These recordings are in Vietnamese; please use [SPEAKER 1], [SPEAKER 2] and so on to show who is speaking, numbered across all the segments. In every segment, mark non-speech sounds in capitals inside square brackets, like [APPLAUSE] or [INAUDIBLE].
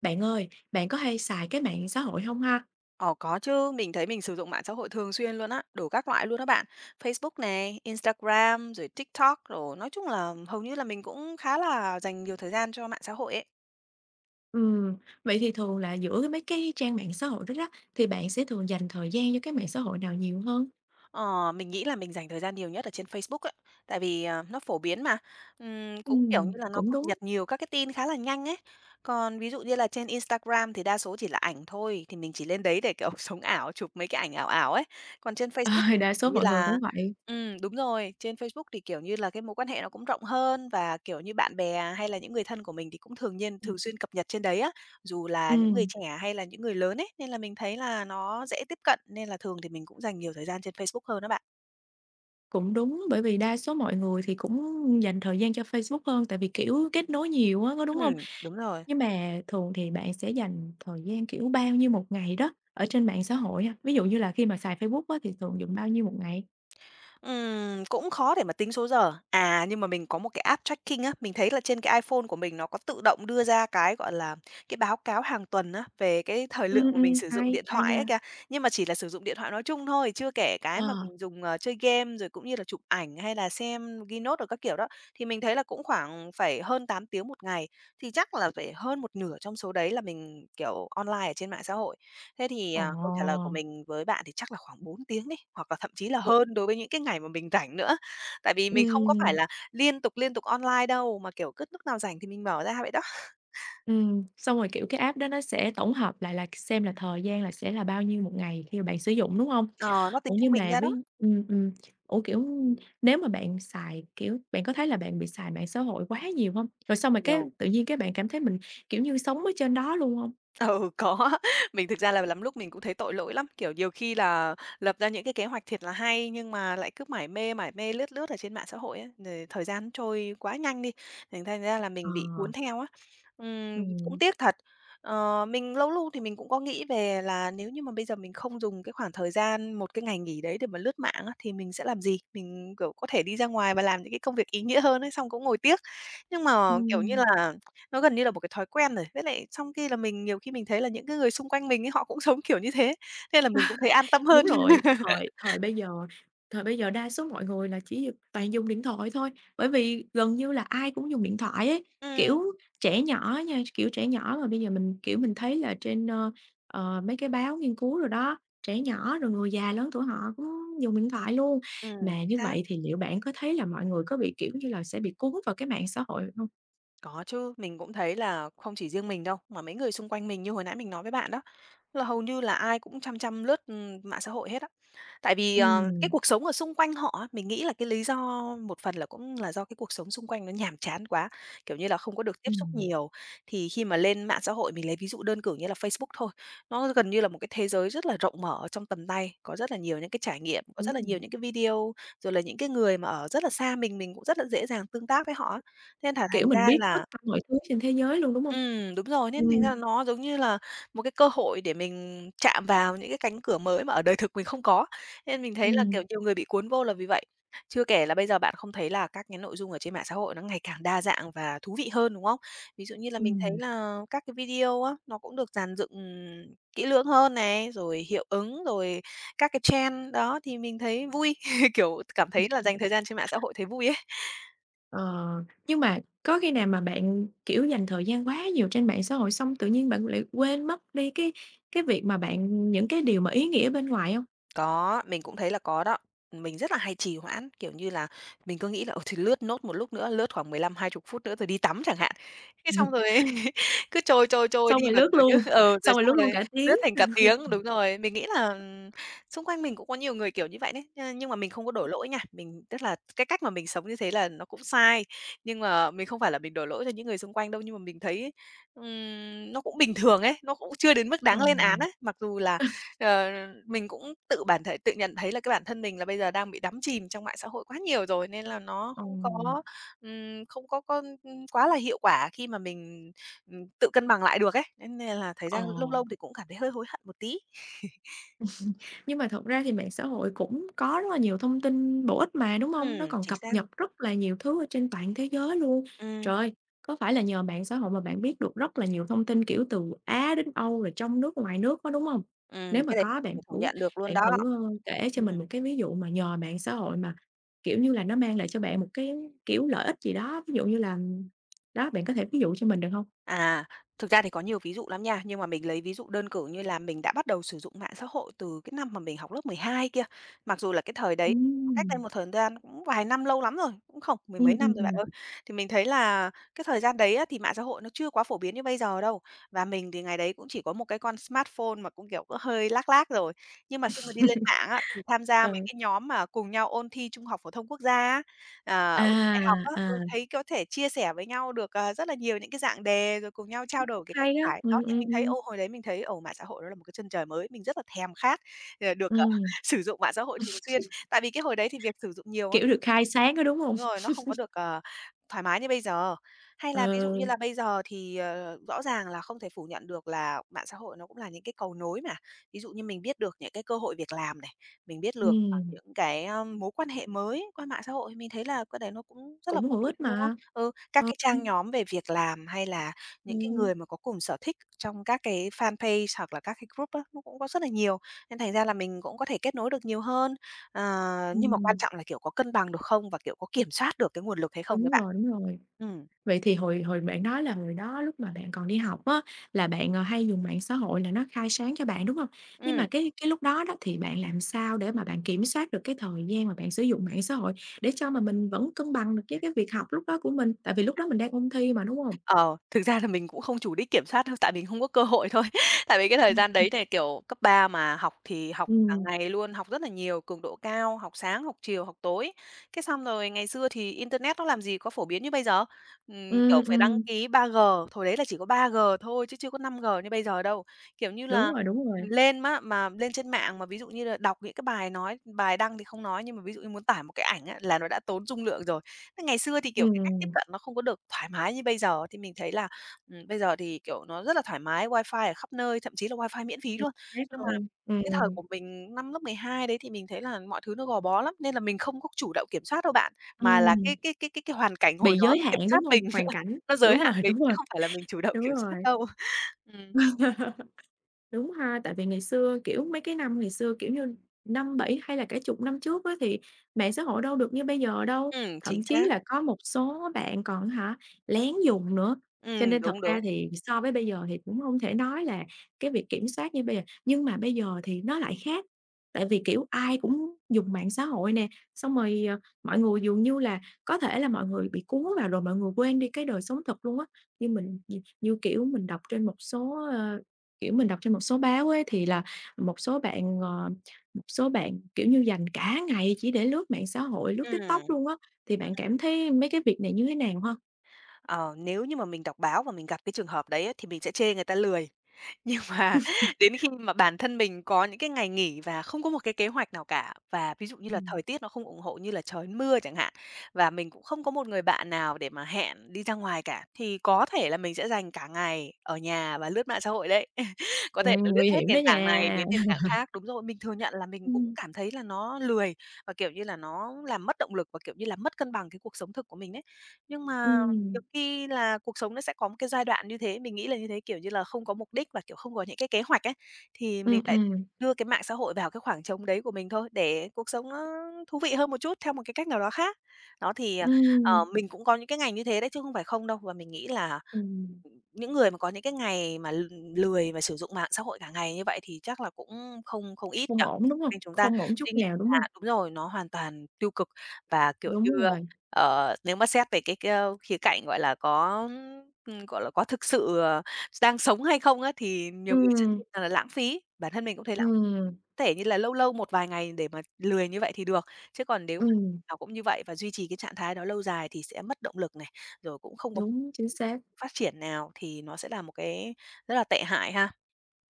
[SPEAKER 1] Bạn ơi, bạn có hay xài cái mạng xã hội hông ha?
[SPEAKER 2] Ờ, có chứ. Mình thấy mình sử dụng mạng xã hội thường xuyên luôn á, đủ các loại luôn á bạn. Facebook nè, Instagram, rồi TikTok đồ, nói chung là hầu như là mình cũng khá là dành nhiều thời gian cho mạng xã hội ấy.
[SPEAKER 1] Ừm. Vậy thì thường là giữa cái mấy cái trang mạng xã hội đó đó, thì bạn sẽ thường dành thời gian cho cái mạng xã hội nào nhiều hơn?
[SPEAKER 2] À, mình nghĩ là mình dành thời gian nhiều nhất ở trên Facebook ấy. Tại vì, à, nó phổ biến mà. Ừm, cũng kiểu như
[SPEAKER 1] Ừm,
[SPEAKER 2] là nó
[SPEAKER 1] cũng
[SPEAKER 2] cập
[SPEAKER 1] đúng.
[SPEAKER 2] nhật nhiều các cái tin khá là nhanh ấy. Còn ví dụ như là trên Instagram thì đa số chỉ là ảnh thôi, thì mình chỉ lên đấy để, kiểu, sống ảo chụp mấy cái ảnh ảo ảo ấy. Còn trên Facebook
[SPEAKER 1] À,
[SPEAKER 2] thì,
[SPEAKER 1] đa
[SPEAKER 2] kiểu
[SPEAKER 1] số
[SPEAKER 2] như
[SPEAKER 1] mọi người
[SPEAKER 2] là
[SPEAKER 1] cũng vậy.
[SPEAKER 2] ừm, đúng rồi. Trên Facebook thì, kiểu như là, cái mối quan hệ nó cũng rộng hơn và, kiểu như, bạn bè hay là những người thân của mình thì cũng thường nhiên thường
[SPEAKER 1] Ừm.
[SPEAKER 2] xuyên cập nhật trên đấy á, dù là những người
[SPEAKER 1] Ừm.
[SPEAKER 2] trẻ hay là những người lớn ấy, nên là mình thấy là nó dễ tiếp cận nên là thường thì mình cũng dành nhiều thời gian trên Facebook hơn á bạn.
[SPEAKER 1] Cũng đúng, bởi vì đa số mọi người thì cũng dành thời gian cho Facebook hơn tại vì, kiểu, kết nối nhiều á, có đúng hông?
[SPEAKER 2] Ừm, đúng rồi.
[SPEAKER 1] Nhưng mà thường thì bạn sẽ dành thời gian, kiểu, bao nhiêu một ngày đó ở trên mạng xã hội ha? Ví dụ như là khi mà xài Facebook á, thì thường dùng bao nhiêu một ngày?
[SPEAKER 2] Ừm, cũng khó để mà tính số giờ. À, nhưng mà mình có một cái app tracking á, mình thấy là trên cái iPhone của mình nó có tự động đưa ra cái, gọi là, cái báo cáo hàng tuần á, về cái thời lượng
[SPEAKER 1] Ừm,
[SPEAKER 2] mà
[SPEAKER 1] ừm,
[SPEAKER 2] mình sử dụng
[SPEAKER 1] hay,
[SPEAKER 2] điện
[SPEAKER 1] hay
[SPEAKER 2] thoại ấy
[SPEAKER 1] nha!
[SPEAKER 2] kìa. Nhưng mà chỉ là sử dụng điện thoại nói chung thôi, chưa kể cái mà
[SPEAKER 1] À.
[SPEAKER 2] mình dùng, ờ, chơi game, rồi cũng như là chụp ảnh hay là xem ghi note đồ các kiểu đó, thì mình thấy là cũng khoảng phải hơn 8 tiếng một ngày, thì chắc là phải hơn một nửa trong số đấy là mình, kiểu, online ở trên mạng xã hội. Thế thì, à, câu trả lời của
[SPEAKER 1] Ồ!
[SPEAKER 2] mình với bạn thì chắc là khoảng 4 tiếng đi, hoặc là thậm chí là
[SPEAKER 1] [UNINTELLIGIBLE]
[SPEAKER 2] hơn đối với những cái ngày mà mình rảnh nữa. Tại vì mình không có phải
[SPEAKER 1] Ừm.
[SPEAKER 2] là liên tục, liên tục online đâu, mà, kiểu, cứ lúc nào rảnh thì mình mở ra vậy đó.
[SPEAKER 1] Ừm, xong rồi, kiểu, cái app đó nó sẽ tổng hợp lại là k xem là thời gian là sẽ là bao nhiêu 1 ngày khi mà bạn sử dụng, đúng hông?
[SPEAKER 2] Ờ, nó
[SPEAKER 1] Ủa,
[SPEAKER 2] tính trung
[SPEAKER 1] nhưng
[SPEAKER 2] bình
[SPEAKER 1] mà
[SPEAKER 2] ra đó.
[SPEAKER 1] với ừm, ừm, ủa, kiểu, nếu mà bạn xài, kiểu, bạn có thấy là bạn bị xài mạng xã hội quá nhiều hông? Rồi xong rồi cái
[SPEAKER 2] Nhiều.
[SPEAKER 1] tự nhiên, cái, bạn cảm thấy mình kiểu như sống ở trên đó luôn hông?
[SPEAKER 2] Ừ, có. Mình thực ra là lắm lúc mình cũng thấy tội lỗi lắm, kiểu, nhiều khi là lập ra những cái kế hoạch thiệt là hay nhưng mà lại cứ mải mê, mải mê lướt lướt ở trên mạng xã hội ấy, rồi thời gian trôi quá nhanh đi, thì thành ra là mình
[SPEAKER 1] Ờ.
[SPEAKER 2] bị cuốn theo á. Ừm, cũng
[SPEAKER 1] Ừm.
[SPEAKER 2] tiếc thật. Ờ, mình lâu lu thì mình cũng có nghĩ về là nếu như mà bây giờ mình không dùng cái khoảng thời gian một cái ngày nghỉ đấy để mà lướt mạng á, thì mình sẽ làm gì? Mình, kiểu, có thể đi ra ngoài và làm những cái công việc ý nghĩa hơn ấy, xong cũng ngồi tiếc. Nhưng mà, kiểu như
[SPEAKER 1] Ừm.
[SPEAKER 2] là, nó gần như là một cái thói quen rồi, với lại trong khi là mình nhiều khi mình thấy là những cái người xung quanh mình ấy, họ cũng sống kiểu như thế, thế là mình cũng thấy an tâm
[SPEAKER 1] [CHUCKLES] Đúng
[SPEAKER 2] hơn.
[SPEAKER 1] rồi. Thời thời
[SPEAKER 2] [LAUGHS]
[SPEAKER 1] bây giờ thời bây giờ đa số mọi người là chỉ d toàn dùng điện thoại thôi, bởi vì gần như là ai cũng dùng điện thoại ấy.
[SPEAKER 2] Ừm.
[SPEAKER 1] Kiểu, trẻ nhỏ á nha, tr kiểu, trẻ nhỏ mà bây giờ mình, kiểu, mình thấy là trên, ơ, ờ, mấy cái báo nghiên cứu rồi đó, trẻ nhỏ, rồi người già lớn tuổi họ cũng dùng điện thoại luôn.
[SPEAKER 2] Ừm,
[SPEAKER 1] Mà
[SPEAKER 2] chính
[SPEAKER 1] như
[SPEAKER 2] xác.
[SPEAKER 1] vậy thì liệu bạn có thấy là mọi người có bị kiểu như là, sẽ bị cuốn vào cái mạng xã hội hông?
[SPEAKER 2] Có chứ, mình cũng thấy là không chỉ riêng mình đâu, mà mấy người xung quanh mình như hồi nãy mình nói với bạn đó, là hầu như là ai cũng chăm chăm lướt, ừm, mạng xã hội hết á. Tại vì, à, cái
[SPEAKER 1] Ừm.
[SPEAKER 2] cuộc sống ở xung quanh họ á, mình nghĩ là cái lý do một phần là cũng là do cái cuộc sống xung quanh nó nhàm chán quá, kiểu như là, không có được tiếp xúc
[SPEAKER 1] Ừm.
[SPEAKER 2] nhiều. Thì khi mà lên mạng xã hội, mình lấy ví dụ đơn cử như là Facebook thôi, nó gần như là một cái thế giới rất là rộng mở ở trong tầm tay, có rất là nhiều những cái trải nghiệm, có
[SPEAKER 1] Đúng
[SPEAKER 2] rất là nhiều
[SPEAKER 1] rồi.
[SPEAKER 2] những cái video, rồi là những cái người mà ở rất là xa mình, mình cũng rất là dễ dàng tương tác với họ á. Nên là
[SPEAKER 1] Kiểu,
[SPEAKER 2] thành
[SPEAKER 1] mình
[SPEAKER 2] ra
[SPEAKER 1] biết tất
[SPEAKER 2] là
[SPEAKER 1] cả mọi thứ trên thế giới luôn, đúng hông?
[SPEAKER 2] Ừm, đúng rồi, nên thành
[SPEAKER 1] Ừm.
[SPEAKER 2] ra nó giống như là một cái cơ hội để mình chạm vào những cái cánh cửa mới mà ở đời thực mình không có, nên mình thấy là, kiểu,
[SPEAKER 1] Ừm.
[SPEAKER 2] nhiều người bị cuốn vô là vì vậy. Chưa kể là bây giờ bạn không thấy là các cái nội dung ở trên mạng xã hội nó ngày càng đa dạng và thú vị hơn, đúng không? Ví dụ như là mình thấy
[SPEAKER 1] Ừm.
[SPEAKER 2] là các cái video á, nó cũng được dàn dựng kỹ lưỡng hơn nè, rồi hiệu ứng, rồi các cái trend đó, thì mình thấy vui, [CHUCKLES] kiểu, cảm
[SPEAKER 1] Ừm
[SPEAKER 2] thấy là dành
[SPEAKER 1] hưm.
[SPEAKER 2] thời gian trên mạng xã hội, thấy vui ấy.
[SPEAKER 1] Ờ. Nhưng mà có khi nào mà bạn, kiểu, dành thời gian quá nhiều trên mạng xã hội xong tự nhiên bạn lại quên mất đi cái cái việc mà bạn những cái điều mà ý nghĩa ở bên ngoài hông?
[SPEAKER 2] Có, mình cũng thấy là có đó. Mình rất là hay trì hoãn, kiểu như là, mình cứ nghĩ là, ôi, thì lướt nốt một lúc nữa, lướt khoảng 15-20 phút nữa rồi đi tắm chẳng hạn. Thế xong
[SPEAKER 1] Ừm.
[SPEAKER 2] rồi [CHUCKLES] cứ trôi trôi trôi
[SPEAKER 1] Xong
[SPEAKER 2] đi
[SPEAKER 1] rồi
[SPEAKER 2] mà
[SPEAKER 1] lướt
[SPEAKER 2] kiểu như
[SPEAKER 1] luôn
[SPEAKER 2] ừ, rồi
[SPEAKER 1] xong rồi
[SPEAKER 2] xong
[SPEAKER 1] lướt luôn
[SPEAKER 2] rồi
[SPEAKER 1] cả tiếng.
[SPEAKER 2] lướt thành cả tiếng. Đúng rồi. Mình nghĩ là
[SPEAKER 1] [LAUGHS]
[SPEAKER 2] xung quanh mình cũng có nhiều người kiểu như vậy đấy, nh nhưng mà mình không có đổ lỗi nha, mình tức là cái cách mà mình sống như thế là nó cũng sai, nhưng mà mình không phải là mình đổ lỗi cho những người xung quanh đâu, nhưng mà mình thấy, ừm, nó cũng bình thường ấy, nó cũng chưa đến mức
[SPEAKER 1] Ờ.
[SPEAKER 2] đáng lên án ấy. Mặc dù là,
[SPEAKER 1] [CHUCKLES]
[SPEAKER 2] ờ, mình cũng tự bản thể tự nhận thấy là cái bản thân mình là bây giờ đang bị đắm chìm trong mạng xã hội quá nhiều rồi nên là nó không
[SPEAKER 1] Ừm.
[SPEAKER 2] có, ừm, không có có quá là hiệu quả khi mà mình, ừm, tự cân bằng lại được ấy, nên nên là thời
[SPEAKER 1] Ờ.
[SPEAKER 2] gian lâu lâu thì cũng cảm thấy hơi hối hận một tí. [CHUCKLES]
[SPEAKER 1] [CHUCKLES] Nhưng mà thật ra thì mạng xã hội cũng có rất là nhiều thông tin bổ ích mà, đúng hông? Nó
[SPEAKER 2] Ừm.
[SPEAKER 1] còn
[SPEAKER 2] Chính
[SPEAKER 1] cập
[SPEAKER 2] xác.
[SPEAKER 1] nhật rất là nhiều thứ ở trên toàn thế giới luôn.
[SPEAKER 2] Ừm.
[SPEAKER 1] Trời! Có phải là nhờ mạng xã hội mà bạn biết được rất là nhiều thông tin, kiểu, từ Á đến Âu, rồi trong nước ngoài nước, có đúng hông?
[SPEAKER 2] Ừm,
[SPEAKER 1] Nếu mà
[SPEAKER 2] cái này
[SPEAKER 1] có bạn
[SPEAKER 2] thể phủ
[SPEAKER 1] thử
[SPEAKER 2] nhận được luôn
[SPEAKER 1] bạn
[SPEAKER 2] đó.
[SPEAKER 1] thử, a, kể cho
[SPEAKER 2] Ừm.
[SPEAKER 1] mình một cái ví dụ mà nhờ mạng xã hội mà kiểu như là nó mang lại cho bạn một cái kiểu lợi ích gì đó, ví dụ như là đó, bạn có thể ví dụ cho mình được hông?
[SPEAKER 2] À, thực ra thì có nhiều ví dụ lắm nha. Nhưng mà mình lấy ví dụ đơn cử như là mình đã bắt đầu sử dụng mạng xã hội từ cái năm mà mình học lớp 12 kia. Mặc dù là cái thời đấy nó cách đây
[SPEAKER 1] Ừm.
[SPEAKER 2] một thời gian cũng vài năm, lâu lắm rồi, cũng không mười mấy
[SPEAKER 1] Ừm, ừm,
[SPEAKER 2] năm rồi bạn
[SPEAKER 1] ừm.
[SPEAKER 2] ơi. Thì mình thấy là cái thời gian đấy á, thì mạng xã hội nó chưa quá phổ biến như bây giờ đâu. Và mình thì ngày đấy cũng chỉ có một cái con smartphone mà cũng, kiểu, có hơi lag lag rồi. Nhưng mà khi mà đi lên mạng á, thì tham
[SPEAKER 1] [LAUGHS]
[SPEAKER 2] gia mấy
[SPEAKER 1] Ừ.
[SPEAKER 2] cái nhóm mà cùng nhau ôn thi trung học phổ thông quốc gia á, à, ôn thi đại học
[SPEAKER 1] À,
[SPEAKER 2] á, ừ,
[SPEAKER 1] à.
[SPEAKER 2] thấy có thể chia sẻ với nhau được, ờ, rất là nhiều những cái dạng đề, rồi cùng nhau trao đổi cái cách
[SPEAKER 1] Hay á.
[SPEAKER 2] giải. Đó,
[SPEAKER 1] Ừm,
[SPEAKER 2] thì
[SPEAKER 1] ừm,
[SPEAKER 2] mình thấy,
[SPEAKER 1] ừm.
[SPEAKER 2] ô, hồi đấy mình thấy, ồ, mạng xã hội đó là một cái chân trời mới, mình rất là thèm khát để được, ờ,
[SPEAKER 1] Ừm. [LAUGHS]
[SPEAKER 2] sử dụng mạng xã hội thường xuyên. Tại vì cái hồi đấy thì việc sử dụng nhiều á
[SPEAKER 1] Kiểu, được khai sáng đó, đúng hông?
[SPEAKER 2] Đúng rồi, nó không có
[SPEAKER 1] [CHUCKLES]
[SPEAKER 2] được, ờ, thoải mái như bây giờ. Hay
[SPEAKER 1] Ờ.
[SPEAKER 2] là ví dụ như là bây giờ thì, ờ, rõ ràng là không thể phủ nhận được là mạng xã hội, nó cũng là những cái cầu nối nè. Ví dụ như mình biết được những cái cơ hội việc làm này, mình biết lược, à,
[SPEAKER 1] Ừm.
[SPEAKER 2] những cái á, mối quan hệ mới qua mạng xã hội, mình thấy là cái đấy nó cũng rất là
[SPEAKER 1] Cũng
[SPEAKER 2] phổ
[SPEAKER 1] hữu
[SPEAKER 2] biến,
[SPEAKER 1] ích
[SPEAKER 2] đúng không?
[SPEAKER 1] mà.
[SPEAKER 2] Ừ, các
[SPEAKER 1] Ờ,
[SPEAKER 2] cái
[SPEAKER 1] ừm.
[SPEAKER 2] trang nhóm về việc làm hay là những cái
[SPEAKER 1] Ừm.
[SPEAKER 2] người mà có cùng sở thích trong các cái fanpage hoặc là các cái group á, nó cũng có rất là nhiều, nên thành ra là mình cũng có thể kết nối được nhiều hơn. À, nhưng mà quan
[SPEAKER 1] Ừm.
[SPEAKER 2] trọng là, kiểu, có cân bằng được không và, kiểu, có kiểm soát được cái nguồn lực hay không ấy
[SPEAKER 1] Đúng
[SPEAKER 2] bạn.
[SPEAKER 1] rồi, đúng rồi.
[SPEAKER 2] Ừm.
[SPEAKER 1] Vậy thì hồi hồi bạn nói là hồi đó lúc mà bạn còn đi học á, là bạn hay dùng mạng xã hội là nó khai sáng cho bạn, đúng hông? Nhưng
[SPEAKER 2] Ừm.
[SPEAKER 1] mà cái cái lúc đó đó, thì bạn làm sao để mà bạn kiểm soát được cái thời gian mà bạn sử dụng mạng xã hội để cho mà mình vẫn cân bằng được cái cái việc học lúc đó của mình, tại vì lúc đó mình đang ôn thi mà, đúng hông?
[SPEAKER 2] Ờ. Thực ra là mình cũng không chủ đích kiểm soát đâu, tại mình không có cơ hội thôi. Tại vì cái thời gian đấy
[SPEAKER 1] [UNINTELLIGIBLE]
[SPEAKER 2] thì kiểu cấp 3 mà học thì học cả
[SPEAKER 1] Ừm.
[SPEAKER 2] ngày luôn, học rất là nhiều, cường độ cao, học sáng, học chiều, học tối. Cái xong rồi ngày xưa thì internet nó làm gì có phổ biến như bây giờ, ừm, kiểu,
[SPEAKER 1] Ừm,
[SPEAKER 2] phải đăng
[SPEAKER 1] ừm.
[SPEAKER 2] ký 3G, hồi đấy là chỉ có 3G thôi chứ chưa có 5G như bây giờ đâu. Kiểu như
[SPEAKER 1] Đúng
[SPEAKER 2] là,
[SPEAKER 1] rồi, đúng rồi.
[SPEAKER 2] mình lên má mà lên trên mạng mà ví dụ như là đọc những cái bài nói, bài đăng thì không nói, nhưng mà ví dụ như muốn tải một cái ảnh á là nó đã tốn dung lượng rồi. Thế ngày xưa thì, kiểu, cái cách tiếp
[SPEAKER 1] Ừm.
[SPEAKER 2] cận nó không có được thoải mái như bây giờ, thì mình thấy là, ừm, bây giờ thì, kiểu, nó rất là thoải mái, wifi ở khắp nơi, thậm chí là wifi miễn phí
[SPEAKER 1] Chỉ
[SPEAKER 2] luôn.
[SPEAKER 1] thế
[SPEAKER 2] Nhưng mà
[SPEAKER 1] thôi.
[SPEAKER 2] cái thời của
[SPEAKER 1] Ừm.
[SPEAKER 2] mình năm lớp 12 đấy thì mình thấy là mọi thứ nó gò bó lắm, nên là mình không có chủ động kiểm soát đâu bạn, mà là cái
[SPEAKER 1] Ừm.
[SPEAKER 2] cái cái cái cái hoàn cảnh hồi
[SPEAKER 1] Bị
[SPEAKER 2] đó
[SPEAKER 1] giới
[SPEAKER 2] nó kiểm
[SPEAKER 1] hạn,
[SPEAKER 2] soát
[SPEAKER 1] đúng hông?
[SPEAKER 2] mình,
[SPEAKER 1] Hoàn
[SPEAKER 2] [LAUGHS]
[SPEAKER 1] cảnh,
[SPEAKER 2] nó giới
[SPEAKER 1] đúng rồi,
[SPEAKER 2] hạn mình chứ không phải là mình chủ động
[SPEAKER 1] đúng
[SPEAKER 2] kiểm soát
[SPEAKER 1] rồi.
[SPEAKER 2] đâu. Ừm.
[SPEAKER 1] [LAUGHS] Đúng ha, tại vì ngày xưa, kiểu, mấy cái năm ngày xưa, kiểu như 5, 7 hay là cả chục năm trước á thì mạng xã hội đâu được như bây giờ đâu,
[SPEAKER 2] Ừm, chính
[SPEAKER 1] thậm chí
[SPEAKER 2] xác.
[SPEAKER 1] là có một số bạn còn á hả, lén dùng nữa, cho
[SPEAKER 2] Ừm.
[SPEAKER 1] nên thật
[SPEAKER 2] Đúng,
[SPEAKER 1] ra
[SPEAKER 2] đúng.
[SPEAKER 1] thì so với bây giờ thì cũng không thể nói là cái việc kiểm soát như bây giờ. Nhưng mà bây giờ thì nó lại khác, tại vì, kiểu, ai cũng dùng mạng xã hội nè, xong rồi, ờ, mọi người dường như là có thể là mọi người bị cuốn vào rồi mọi người quên đi cái đời sống thật luôn á, như mình nhì như kiểu mình đọc trên một số, à, kiểu, mình đọc trên một số báo ấy, thì là một số bạn, ờ, một số bạn kiểu như dành cả ngày chỉ để lướt mạng xã hội, lướt
[SPEAKER 2] Ừm.
[SPEAKER 1] TikTok luôn á, thì bạn
[SPEAKER 2] À.
[SPEAKER 1] cảm thấy mấy cái việc này như thế nào ha?
[SPEAKER 2] Ờ, nếu như mà mình đọc báo và mình gặp cái trường hợp đấy thì mình sẽ chê người ta lười. Nhưng mà
[SPEAKER 1] [CHUCKLES]
[SPEAKER 2] đến khi mà bản thân mình có những cái ngày nghỉ và không có một cái kế hoạch nào cả, và ví dụ như là
[SPEAKER 1] Ừm.
[SPEAKER 2] thời tiết nó không ủng hộ như là trời mưa chẳng hạn, và mình cũng không có một người bạn nào để mà hẹn đi ra ngoài cả, thì có thể là mình sẽ dành cả ngày ở nhà và lướt mạng xã hội đấy, [CHUCKLES] có thể
[SPEAKER 1] Ừm,
[SPEAKER 2] là lướt
[SPEAKER 1] nguy
[SPEAKER 2] hết
[SPEAKER 1] hiểm đó
[SPEAKER 2] nền tảng này
[SPEAKER 1] nha.
[SPEAKER 2] đến nền tảng
[SPEAKER 1] [LAUGHS]
[SPEAKER 2] khác. Đúng rồi. Mình thừa nhận là mình cũng
[SPEAKER 1] Ừm.
[SPEAKER 2] cảm thấy là nó lười và, kiểu như là, nó làm mất động lực và, kiểu như là, mất cân bằng cái cuộc sống thực của mình ấy. Nhưng mà
[SPEAKER 1] Ừm.
[SPEAKER 2] nhiều khi là cuộc sống nó sẽ có một cái giai đoạn như thế, mình nghĩ là như thế, kiểu như là, không có mục đích và, kiểu, không có những cái kế hoạch ấy, thì mình
[SPEAKER 1] Ừm,
[SPEAKER 2] lại
[SPEAKER 1] ừm.
[SPEAKER 2] đưa cái mạng xã hội vào cái khoảng trống đấy của mình thôi, để cuộc sống nó thú vị hơn một chút theo một cái cách nào đó khác. Đó, thì, à, ờ,
[SPEAKER 1] Ừm.
[SPEAKER 2] mình cũng có những cái ngày như thế đấy, chứ không phải không đâu, và mình nghĩ là,
[SPEAKER 1] Ừm.
[SPEAKER 2] ừm, những người mà có những cái ngày mà l lười và sử dụng mạng xã hội cả ngày như vậy thì chắc là cũng không không ít nhỉ?
[SPEAKER 1] Không ổn, đúng
[SPEAKER 2] Cho
[SPEAKER 1] hông?
[SPEAKER 2] nên chúng ta
[SPEAKER 1] Không ổn
[SPEAKER 2] tuy
[SPEAKER 1] chút
[SPEAKER 2] nhiên
[SPEAKER 1] nào, đúng hông?
[SPEAKER 2] là đúng rồi, nó hoàn toàn tiêu cực và, kiểu như,
[SPEAKER 1] Đúng
[SPEAKER 2] a,
[SPEAKER 1] rồi.
[SPEAKER 2] ờ, nếu mà xét về cái cái, ơ, khía cạnh, gọi là, có, ừm, gọi là, có thực sự đang sống hay không á. Thì nhiều người sẽ
[SPEAKER 1] Ừm.
[SPEAKER 2] [UNINTELLIGIBLE] ờ, lãng phí, bản thân mình cũng thấy lãng
[SPEAKER 1] Ừm.
[SPEAKER 2] thể như là lâu lâu một vài ngày để mà lười như vậy thì được, chứ còn nếu mà
[SPEAKER 1] Ừm.
[SPEAKER 2] nào cũng như vậy và duy trì cái trạng thái đó lâu dài thì sẽ mất động lực này, rồi cũng không có
[SPEAKER 1] Đúng, chính xác.
[SPEAKER 2] phát triển nào thì nó sẽ là một cái rất là tệ hại ha.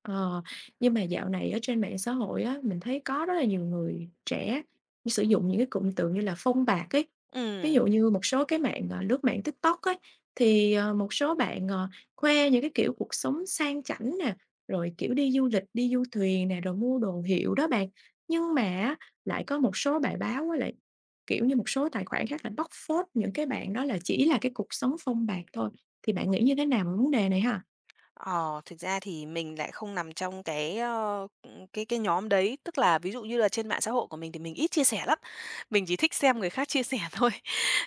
[SPEAKER 1] Ờ, nhưng mà dạo này ở trên mạng xã hội á, mình thấy có rất là nhiều người trẻ sử dụng những cái cụm từ như là "phông bạt" ấy, ví
[SPEAKER 2] Ừm.
[SPEAKER 1] dụ như một số cái mạng, à, lướt mạng TikTok ấy, thì, ờ, một số bạn, ờ, khoe những cái kiểu cuộc sống sang chảnh nè, rồi, kiểu, đi du lịch đi du thuyền nè, rồi mua đồ hiệu đó bạn, nhưng mà á, lại có một số bài báo với lại, kiểu như, một số tài khoản khác là bóc phốt những cái bạn đó là chỉ là cái cuộc sống phông bạt thôi, thì bạn nghĩ như thế nào về vấn đề này ha?
[SPEAKER 2] Ờ, thực ra thì mình lại không nằm trong cái, ơ, ừm, cái cái nhóm đấy, tức là ví dụ như là trên mạng xã hội của mình thì mình ít chia sẻ lắm. Mình chỉ thích xem người khác chia sẻ thôi.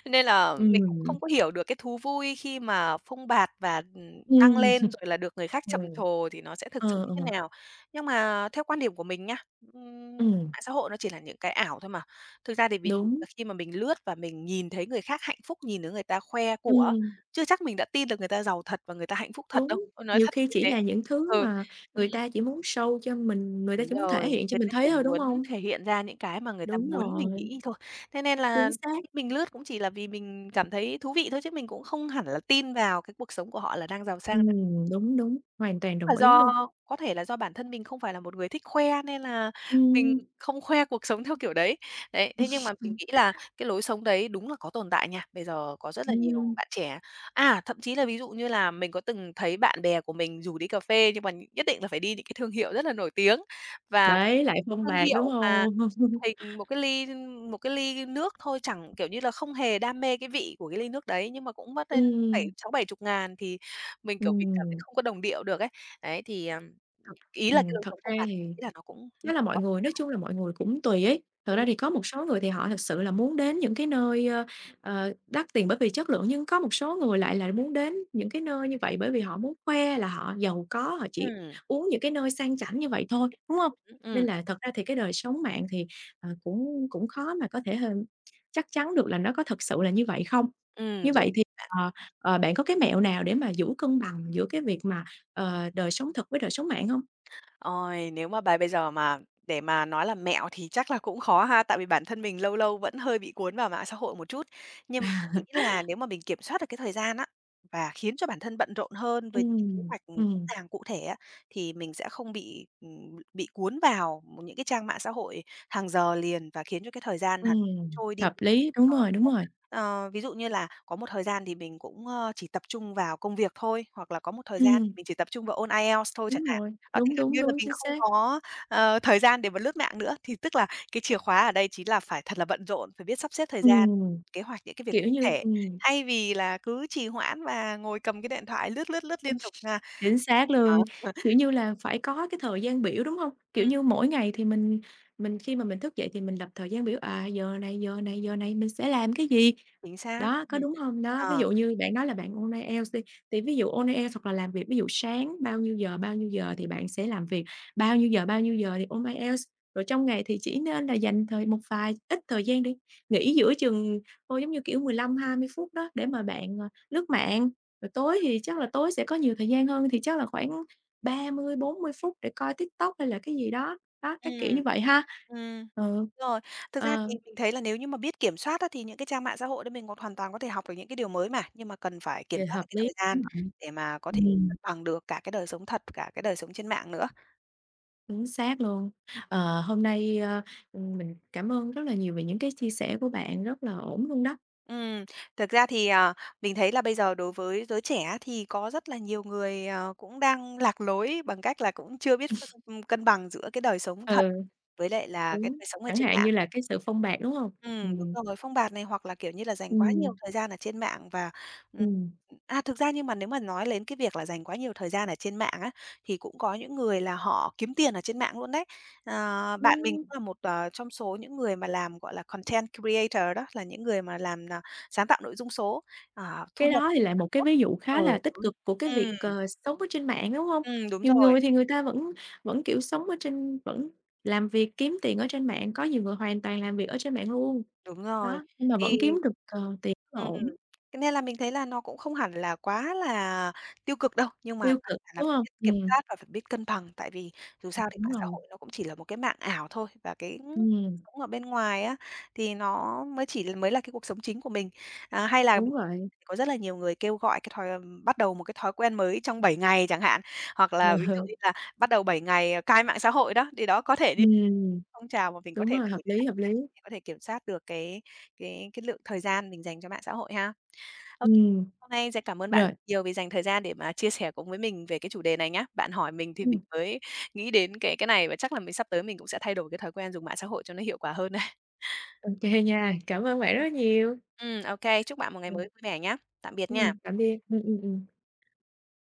[SPEAKER 2] Nên là mình cũng không
[SPEAKER 1] Ừm.
[SPEAKER 2] có hiểu được cái thú vui khi mà phông bạt và, ừm, đăng
[SPEAKER 1] Ừm.
[SPEAKER 2] lên rồi là được
[SPEAKER 1] [CHUCKLES]
[SPEAKER 2] người khác
[SPEAKER 1] Ờ.
[SPEAKER 2] trầm trồ thì nó sẽ thực sự
[SPEAKER 1] Ờ,
[SPEAKER 2] như thế
[SPEAKER 1] ờ.
[SPEAKER 2] nào. Nhưng mà theo quan điểm của mình nhá, ừm,
[SPEAKER 1] Ừm.
[SPEAKER 2] mạng xã hội nó chỉ là những cái ảo thôi mà. Thực ra thì ví dụ
[SPEAKER 1] Đúng.
[SPEAKER 2] là khi mà mình lướt và mình nhìn thấy người khác hạnh phúc, nhìn thấy người ta khoe của,
[SPEAKER 1] Ừm.
[SPEAKER 2] chưa chắc mình đã tin được người ta giàu thật và người ta hạnh phúc thật đâu,
[SPEAKER 1] Đúng,
[SPEAKER 2] ờ, nói
[SPEAKER 1] nhiều
[SPEAKER 2] thật
[SPEAKER 1] khi
[SPEAKER 2] như
[SPEAKER 1] chỉ
[SPEAKER 2] thế.
[SPEAKER 1] là những thứ
[SPEAKER 2] Ừ,
[SPEAKER 1] mà
[SPEAKER 2] ừm.
[SPEAKER 1] người ta chỉ muốn show cho mình người ta
[SPEAKER 2] Đúng
[SPEAKER 1] chỉ muốn thể
[SPEAKER 2] rồi,
[SPEAKER 1] hiện cho
[SPEAKER 2] người
[SPEAKER 1] mình
[SPEAKER 2] ta
[SPEAKER 1] thấy
[SPEAKER 2] chỉ
[SPEAKER 1] thôi, đúng
[SPEAKER 2] muốn
[SPEAKER 1] hông?
[SPEAKER 2] thể hiện ra những cái mà người ta
[SPEAKER 1] Đúng
[SPEAKER 2] muốn mình
[SPEAKER 1] rồi.
[SPEAKER 2] nghĩ thôi. Thế nên là
[SPEAKER 1] Chính xác.
[SPEAKER 2] [UNINTELLIGIBLE] mình lướt cũng chỉ là vì mình cảm thấy thú vị thôi chứ mình cũng không hẳn là tin vào cái cuộc sống của họ là đang giàu sang đâu.
[SPEAKER 1] Ừm, đúng, đúng, hoàn toàn
[SPEAKER 2] Là
[SPEAKER 1] đồng ý
[SPEAKER 2] do
[SPEAKER 1] luôn.
[SPEAKER 2] có thể là do bản thân mình không phải là một người thích khoe nên là mình
[SPEAKER 1] Ừm.
[SPEAKER 2] không khoe cuộc sống theo kiểu đấy. Đấy, thế nhưng mà mình
[SPEAKER 1] [CHUCKLES]
[SPEAKER 2] nghĩ là cái lối sống đấy đúng là có tồn tại nha. Bây giờ có rất là nhiều
[SPEAKER 1] Ừm.
[SPEAKER 2] bạn trẻ, à, thậm chí là ví dụ như là mình có từng thấy bạn bè của mình rủ đi cà phê nhưng mà nhất định là phải đi những cái thương hiệu rất là nổi tiếng. Và
[SPEAKER 1] Đấy, lại phông
[SPEAKER 2] thương
[SPEAKER 1] bạt, đúng
[SPEAKER 2] hiệu mà
[SPEAKER 1] hông? [CHUCKLES]
[SPEAKER 2] hình một cái ly ưm, một cái ly nước thôi chẳng kiểu như là, không hề đam mê cái vị của cái ly nước đấy, nhưng mà cũng mất đến bảy
[SPEAKER 1] Ừm.
[SPEAKER 2] sáu bảy chục ngàn thì mình, kiểu, mình cảm thấy
[SPEAKER 1] Ừm.
[SPEAKER 2] không có đồng điệu được ấy. Đấy thì, ờm,
[SPEAKER 1] Thật
[SPEAKER 2] ý là cái
[SPEAKER 1] ừm,
[SPEAKER 2] lối
[SPEAKER 1] thực
[SPEAKER 2] sống phông
[SPEAKER 1] ra
[SPEAKER 2] bạt
[SPEAKER 1] thì
[SPEAKER 2] mình nghĩ là nó cũng
[SPEAKER 1] cái là mọi người nói
[SPEAKER 2] [UNINTELLIGIBLE]
[SPEAKER 1] chung là mọi người cũng tùy ấy, thật
[SPEAKER 2] Ừm.
[SPEAKER 1] ra thì có một số người thì họ thực sự là muốn đến những cái nơi, ơ, ờ, đắt tiền bởi vì chất lượng nhưng có một số người lại là muốn đến những cái nơi như vậy bởi vì họ muốn khoe là họ giàu có, họ chỉ
[SPEAKER 2] Ừm.
[SPEAKER 1] uống những cái nơi sang chảnh như vậy thôi, đúng hông?
[SPEAKER 2] [UNINTELLIGIBLE]
[SPEAKER 1] Nên
[SPEAKER 2] Ừm.
[SPEAKER 1] là thật ra thì cái đời sống mạng thì, ờ, cũng cũng khó mà có thể h chắc chắn được là nó có thực sự là như vậy không.
[SPEAKER 2] Ừm,
[SPEAKER 1] Như
[SPEAKER 2] đúng.
[SPEAKER 1] vậy thì,
[SPEAKER 2] [UNINTELLIGIBLE]
[SPEAKER 1] ờ, ờ, bạn có cái mẹo nào để mà giữ cân bằng giữa cái việc mà, ờ, đời sống thật với đời sống mạng hông?
[SPEAKER 2] Ôi, nếu mà bài bây giờ mà để mà nói là mẹo thì chắc là cũng khó ha. Tại vì bản thân mình lâu lâu vẫn hơi bị cuốn vào mạng xã hội một chút. Nhưng mà mình
[SPEAKER 1] [CHUCKLES]
[SPEAKER 2] nghĩ là nếu mà mình kiểm soát được cái thời gian á, và khiến cho bản thân bận rộn hơn với kế
[SPEAKER 1] Ừm,
[SPEAKER 2] hoạch, ừm, rõ
[SPEAKER 1] ừm.
[SPEAKER 2] ràng cụ thể á, thì mình sẽ không bị, ừm, bị cuốn vào m những cái trang mạng xã hội hàng giờ liền và khiến cho cái thời gian hằn
[SPEAKER 1] Ừm,
[SPEAKER 2] trôi đi
[SPEAKER 1] hợp lý, đúng rồi, đúng
[SPEAKER 2] [UNINTELLIGIBLE]
[SPEAKER 1] rồi.
[SPEAKER 2] Ờ, ví dụ như là có một thời gian thì mình cũng, ơ, chỉ tập trung vào công việc thôi, hoặc là có một thời gian thì
[SPEAKER 1] Ừm.
[SPEAKER 2] mình chỉ tập trung vào ôn IELTS thôi
[SPEAKER 1] Đúng
[SPEAKER 2] chẳng hạn.
[SPEAKER 1] rồi,
[SPEAKER 2] Đó thì
[SPEAKER 1] đúng,
[SPEAKER 2] gần
[SPEAKER 1] đúng,
[SPEAKER 2] như là
[SPEAKER 1] đúng,
[SPEAKER 2] mình
[SPEAKER 1] chính
[SPEAKER 2] không
[SPEAKER 1] xác.
[SPEAKER 2] có, ờ, thời gian để mà lướt mạng nữa. Thì tức là cái chìa khóa ở đây chính là phải thật là bận rộn, phải biết sắp xếp thời gian,
[SPEAKER 1] Ừm,
[SPEAKER 2] kế hoạch những cái việc
[SPEAKER 1] kiểu như
[SPEAKER 2] thể,
[SPEAKER 1] ừm.
[SPEAKER 2] thay vì là cứ trì hoãn và ngồi cầm cái điện thoại lướt lướt lướt liên tục nha.
[SPEAKER 1] [CHUCKLES] Chính xác
[SPEAKER 2] Đó.
[SPEAKER 1] luôn, kiểu
[SPEAKER 2] [CHUCKLES]
[SPEAKER 1] như là phải có cái thời gian biểu, đúng hông? Kiểu
[SPEAKER 2] Ừm.
[SPEAKER 1] như, mỗi ngày thì mình mình khi mà mình thức dậy thì mình lập thời gian biểu, à, giờ này, giờ này, giờ này mình sẽ làm cái gì,
[SPEAKER 2] Chính xác,
[SPEAKER 1] đó có
[SPEAKER 2] ừm,
[SPEAKER 1] đúng hông? Đó ví
[SPEAKER 2] ờ.
[SPEAKER 1] dụ như bạn nói là bạn ôn IELTS đi, thì ví dụ ôn IELTS hoặc là làm việc ví dụ sáng bao nhiêu giờ, bao nhiêu giờ thì bạn sẽ làm việc, bao nhiêu giờ, bao nhiêu giờ thì ôn IELTS rồi trong ngày thì chỉ nên là dành thời một vài ít thời gian để nghỉ giữa chừng thôi, giống như kiểu, 15-20 phút đó để mà bạn, ờ, lướt mạng, rồi tối thì chắc là tối sẽ có nhiều thời gian hơn thì chắc là khoảng 30-40 phút để coi TikTok hay là cái gì đó, đó các kiểu
[SPEAKER 2] Ừm.
[SPEAKER 1] như vậy ha.
[SPEAKER 2] Ừm.
[SPEAKER 1] Ừ.
[SPEAKER 2] Rồi, thực ra
[SPEAKER 1] Ờ.
[SPEAKER 2] thì mình thấy là nếu như mà biết kiểm soát á, thì những cái trang mạng xã hội đó mình hoàn toàn có thể học được những cái điều mới mà, nhưng mà cần phải kiểm
[SPEAKER 1] Vậy
[SPEAKER 2] soát được
[SPEAKER 1] hợp
[SPEAKER 2] cái
[SPEAKER 1] lý,
[SPEAKER 2] thời gian
[SPEAKER 1] đúng vậy.
[SPEAKER 2] để mà có thể
[SPEAKER 1] Ừm.
[SPEAKER 2] cân bằng được cả cái đời sống thật, cả cái đời sống trên mạng nữa.
[SPEAKER 1] Chính xác luôn. Ờ, hôm nay, ơ, ừm, mình cảm ơn rất là nhiều về những cái chia sẻ của bạn rất là ổn luôn đó.
[SPEAKER 2] Ừm, thực ra thì, ờ, mình thấy là bây giờ đối với giới trẻ thì có rất là nhiều người, ờ, cũng đang lạc lối bằng cách là cũng chưa biết ưm, cân bằng giữa cái đời sống thật
[SPEAKER 1] Ừ.
[SPEAKER 2] với lại là cái
[SPEAKER 1] Đúng,
[SPEAKER 2] đời sống ở
[SPEAKER 1] chẳng
[SPEAKER 2] trên
[SPEAKER 1] hạn
[SPEAKER 2] mạng.
[SPEAKER 1] như là cái sự phông bạt, đúng hông?
[SPEAKER 2] Ừm, đúng
[SPEAKER 1] Ừm.
[SPEAKER 2] rồi, phông bạt này hoặc là, kiểu như là, dành quá nhiều
[SPEAKER 1] Ừm.
[SPEAKER 2] thời gian ở trên mạng và, ừm
[SPEAKER 1] Ừm.
[SPEAKER 2] a, thực ra nhưng mà nếu mà nói đến cái việc là dành quá nhiều thời gian ở trên mạng á, thì cũng có những người là họ kiếm tiền ở trên mạng luôn đấy. Ờ, bạn mình cũng
[SPEAKER 1] Ưm.
[SPEAKER 2] là một, ờ, trong số những người mà làm, gọi là, content creator đó, là những người mà làm n sáng tạo nội dung số, ờ, thu
[SPEAKER 1] Cái
[SPEAKER 2] nhập
[SPEAKER 1] đó thì lại một cái
[SPEAKER 2] [UNINTELLIGIBLE]
[SPEAKER 1] ví dụ
[SPEAKER 2] ừ,
[SPEAKER 1] khá là tích
[SPEAKER 2] đúng,
[SPEAKER 1] cực của cái việc,
[SPEAKER 2] ừm.
[SPEAKER 1] ờ, sống ở trên mạng, đúng hông?
[SPEAKER 2] Ừ, đúng
[SPEAKER 1] Nhiều
[SPEAKER 2] rồi.
[SPEAKER 1] người thì người ta vẫn vẫn, kiểu, sống ở trên vẫn làm việc kiếm tiền ở trên mạng, có nhiều người hoàn toàn làm việc ở trên mạng luôn,
[SPEAKER 2] Đúng rồi,
[SPEAKER 1] đó, nhưng mà
[SPEAKER 2] thì
[SPEAKER 1] vẫn kiếm được, ờ, tiền rất là
[SPEAKER 2] ừm,
[SPEAKER 1] ổn.
[SPEAKER 2] cho nên là mình thấy là nó cũng không hẳn là quá là tiêu cực đâu, nhưng quan
[SPEAKER 1] Tiêu
[SPEAKER 2] trọng
[SPEAKER 1] cực,
[SPEAKER 2] là
[SPEAKER 1] đúng
[SPEAKER 2] phải
[SPEAKER 1] hông?
[SPEAKER 2] biết kiểm
[SPEAKER 1] Ừm.
[SPEAKER 2] soát và phải biết cân bằng, tại vì dù
[SPEAKER 1] Ừm,
[SPEAKER 2] sao thì
[SPEAKER 1] đúng
[SPEAKER 2] mạng xã
[SPEAKER 1] rồi.
[SPEAKER 2] hội nó cũng chỉ là một cái mạng ảo thôi, và cái
[SPEAKER 1] Ừm.
[SPEAKER 2] sống ở bên ngoài á, thì nó mới chỉ mới là cái cuộc sống chính của mình. À, hay là
[SPEAKER 1] Đúng vậy.
[SPEAKER 2] có rất là nhiều người kêu gọi cái thói bắt đầu một cái thói quen mới trong 7 ngày chẳng hạn, hoặc là ví dụ như
[SPEAKER 1] [CHUCKLES]
[SPEAKER 2] là bắt đầu 7 ngày cai mạng xã hội đó, thì đó có thể đi
[SPEAKER 1] Ừm,
[SPEAKER 2] phong trào mà mình có
[SPEAKER 1] đúng
[SPEAKER 2] thể
[SPEAKER 1] rồi, hợp
[SPEAKER 2] thử để
[SPEAKER 1] lý,
[SPEAKER 2] tham
[SPEAKER 1] hợp
[SPEAKER 2] gia,
[SPEAKER 1] lý.
[SPEAKER 2] có thể kiểm soát được cái cái cái lượng thời gian mình dành cho mạng xã hội ha. Ô,
[SPEAKER 1] Ừm.
[SPEAKER 2] hôm nay sẽ cảm ơn bạn rất
[SPEAKER 1] Rồi.
[SPEAKER 2] nhiều vì dành thời gian để mà chia sẻ cùng với mình về cái chủ đề này nhá. Bạn hỏi mình thì mình
[SPEAKER 1] Ừm.
[SPEAKER 2] mới nghĩ đến cái cái này và chắc là mình sắp tới mình cũng sẽ thay đổi cái thói quen dùng mạng xã hội cho nó hiệu quả hơn đấy.
[SPEAKER 1] Ô kê nha, cảm ơn bạn rất nhiều.
[SPEAKER 2] Ừm, ô kê, chúc bạn một ngày
[SPEAKER 1] Ừm.
[SPEAKER 2] mới vui vẻ nhá. Tạm biệt nha.
[SPEAKER 1] Ừm, tạm biệt. Ừm, ừm, ừm.